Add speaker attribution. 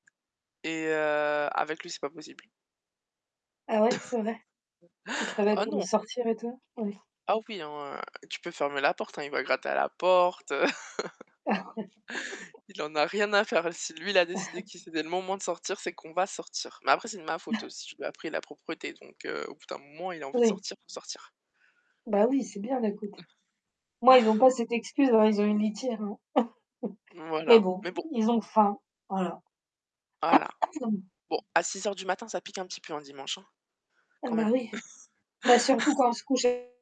Speaker 1: Et heu, avec lui, c'est pas possible?
Speaker 2: Ah ouais? C'est vrai? Il travaille
Speaker 1: Ah
Speaker 2: pour me
Speaker 1: non!
Speaker 2: sortir, et toi? Oui.
Speaker 1: Ah oui, hein, tu peux fermer la porte, hein, il va gratter à la porte, heu.
Speaker 2: Ah ouais.
Speaker 1: Il en a rien à faire, l si lui il a décidé que c'était le moment de sortir c'est qu'on va sortir. Mais après, c'est de ma faute aussi. Je lui ai appris la propreté, donc heu, au bout d'un moment, il a envie de
Speaker 2: Oui.
Speaker 1: sortir pour sortir.
Speaker 2: Bah oui, c'est bien d'un côté. Moi, ils ont pas cette excuse, hein, ils ont une litière, hein. Mais
Speaker 1: Voilà.
Speaker 2: bon,
Speaker 1: Mais bon!
Speaker 2: ils ont faim. Voilà.
Speaker 1: Voilà. Bon, à 6h du matin, ça pique un petit peu un dimanche, hein,
Speaker 2: Ah
Speaker 1: quand
Speaker 2: bah
Speaker 1: même.
Speaker 2: oui. Bah surtout quand on se couche et